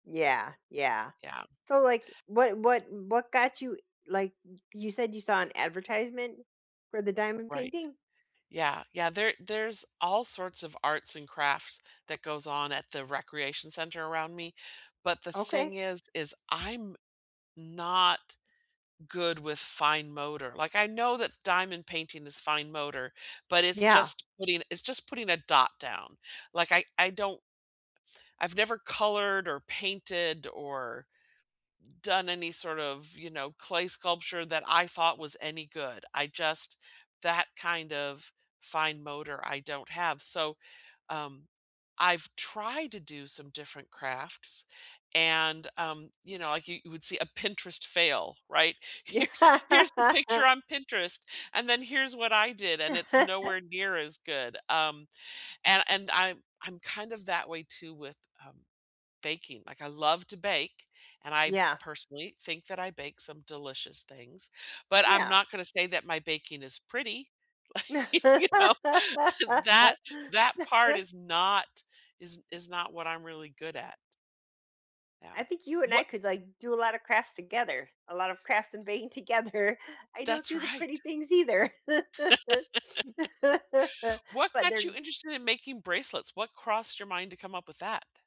Yeah, yeah. Yeah. So, like, what what what got you, like you said you saw an advertisement for the diamond Right. painting? Yeah, yeah, there there's all sorts of arts and crafts that goes on at the recreation center around me, but the thing Okay. is, is I'm not good with fine motor. Like, I know that diamond painting is fine motor, but it's Yeah. just putting it's just putting a dot down. Like, I I don't I've never colored or painted or done any sort of, you know, clay sculpture that I thought was any good. I just that kind of fine motor, I don't have, so, um, I've tried to do some different crafts, and, um, you know, like, you would see a Pinterest fail, right? Yeah. "Here's here's the picture on Pinterest, and then here's what I did," and it's nowhere near as good. Um and and I'm I'm kind of that way too with, uh, baking. Like, I love to bake, and I, Yeah. personally, think that I bake some delicious things, but I'm Yeah. not gonna say that my baking is pretty. Like, you know, that that part is not is is not what I'm really good at. Yeah. I think you and Wha I could, like, do a lot of crafts together. A lot of crafts in vain together. I don't That's do the pretty right. things either. What But got you they're interested in making bracelets? What crossed your mind to come up with that?